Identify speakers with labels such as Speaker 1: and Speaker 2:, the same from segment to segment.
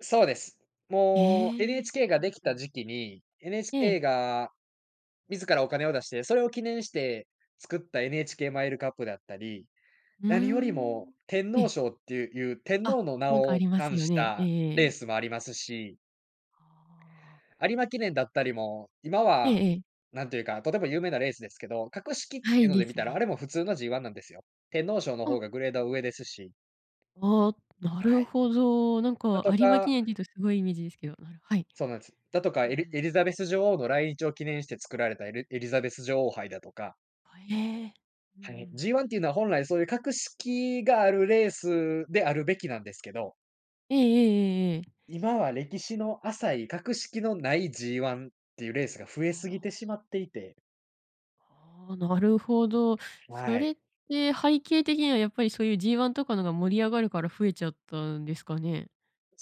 Speaker 1: そうです。
Speaker 2: へ
Speaker 1: もう
Speaker 2: え。
Speaker 1: NHK
Speaker 2: う
Speaker 1: が
Speaker 2: ん
Speaker 1: でき
Speaker 2: う
Speaker 1: た
Speaker 2: ん。
Speaker 1: 時期に、
Speaker 2: ええ。
Speaker 1: NHK が自らお金を出して、それを記念して作った NHK マイルカップだったり、
Speaker 2: うー
Speaker 1: 何より
Speaker 2: ん。
Speaker 1: も天
Speaker 2: え
Speaker 1: 皇
Speaker 2: え。
Speaker 1: 賞っていう天
Speaker 2: あ、
Speaker 1: 皇の名
Speaker 2: なんかあ
Speaker 1: を
Speaker 2: ります
Speaker 1: 冠
Speaker 2: よ
Speaker 1: し
Speaker 2: ね。ええ
Speaker 1: た
Speaker 2: え
Speaker 1: レー
Speaker 2: え。
Speaker 1: スもありますし。
Speaker 2: ああ。
Speaker 1: 有馬記念だったりも、今
Speaker 2: ええ
Speaker 1: は、
Speaker 2: ええ。
Speaker 1: なんていうか、とても有名なレースですけど、格式っ
Speaker 2: は
Speaker 1: てい
Speaker 2: い、
Speaker 1: うの
Speaker 2: で
Speaker 1: で見
Speaker 2: す
Speaker 1: たら、あ
Speaker 2: ね。
Speaker 1: れも普通の G ワンなんですよ。天皇賞のほ
Speaker 2: あ。
Speaker 1: うがグレードは上ですし。
Speaker 2: ああ、な
Speaker 1: は
Speaker 2: る
Speaker 1: い。
Speaker 2: ほど。なん
Speaker 1: だ
Speaker 2: か
Speaker 1: と
Speaker 2: 有馬
Speaker 1: か
Speaker 2: 記念って言うと凄いイメージですけど、はい。
Speaker 1: そうなんです。だとか、
Speaker 2: うんう
Speaker 1: エリ
Speaker 2: ん。
Speaker 1: エリザベス女王の来日を記念して作られたエリエリザベス女王杯だとか。
Speaker 2: ええ、うんう
Speaker 1: はい、
Speaker 2: ん。
Speaker 1: G ワンっていうのは本来そういう格式があるレースであるべきなんですけど。
Speaker 2: ええええええええ。
Speaker 1: 今は歴史の浅い格式のない G ワンっていうレースが増え
Speaker 2: あ
Speaker 1: すぎて
Speaker 2: あ。
Speaker 1: しまっていて。
Speaker 2: ああ、なるほど。そ
Speaker 1: は
Speaker 2: れ
Speaker 1: い。
Speaker 2: って背景的にはやっぱりそういう G ワンとかの方が盛り上がるから増えちゃったんですかね。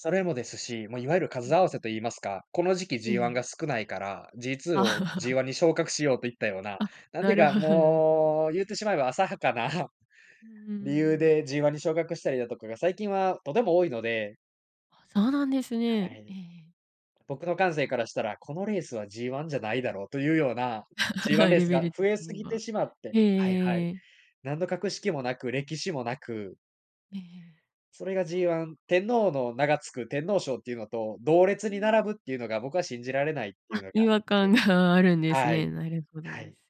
Speaker 1: それもですし、まあいわゆる
Speaker 2: う
Speaker 1: 数
Speaker 2: ん
Speaker 1: 合わ
Speaker 2: う
Speaker 1: せ
Speaker 2: ん。
Speaker 1: と言いますか、この時期
Speaker 2: え
Speaker 1: G ワン
Speaker 2: え。
Speaker 1: が少ないから、G ツー
Speaker 2: あ
Speaker 1: を G
Speaker 2: あ。
Speaker 1: ワンに昇格しようといったような、
Speaker 2: あ、
Speaker 1: なんて
Speaker 2: な
Speaker 1: いう
Speaker 2: る
Speaker 1: か、
Speaker 2: ほどなるほど。
Speaker 1: もう言ってしまえば、浅はかな。
Speaker 2: うんうんうんう
Speaker 1: 理由
Speaker 2: ん。
Speaker 1: で G ワンに昇格したりだとかが、最近はとても多いので。
Speaker 2: あ、そうなんです
Speaker 1: は
Speaker 2: ね。え
Speaker 1: い。
Speaker 2: え。
Speaker 1: 僕の感性からしたら、このレースは G ワンじゃないだろうというような、G ワン レー
Speaker 2: レ
Speaker 1: ス
Speaker 2: ベ
Speaker 1: が
Speaker 2: ル
Speaker 1: 増
Speaker 2: 的
Speaker 1: えす
Speaker 2: に
Speaker 1: ぎて
Speaker 2: は。
Speaker 1: しまって、はいはい。
Speaker 2: へえ。
Speaker 1: 何の格式もなく、歴史もなく。
Speaker 2: え
Speaker 1: それが
Speaker 2: え。
Speaker 1: G ワ
Speaker 2: あ
Speaker 1: ン
Speaker 2: あ。
Speaker 1: 天皇の名がつく天皇賞っていうのと、同
Speaker 2: う
Speaker 1: 列に並ぶ
Speaker 2: ん。
Speaker 1: っていうのが僕は信じられないってい
Speaker 2: あ、
Speaker 1: うのがあ
Speaker 2: 違
Speaker 1: っ
Speaker 2: 和感
Speaker 1: て。
Speaker 2: があるんです
Speaker 1: は
Speaker 2: ね。
Speaker 1: い。
Speaker 2: なるほど
Speaker 1: は
Speaker 2: で
Speaker 1: い。
Speaker 2: す。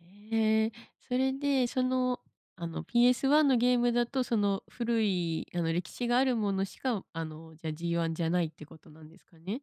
Speaker 2: ええ。それでそのあの PS ワンのゲームだと、その古いあの歴史があるものしか、あのじゃ G ワンじゃないってことなんですかね？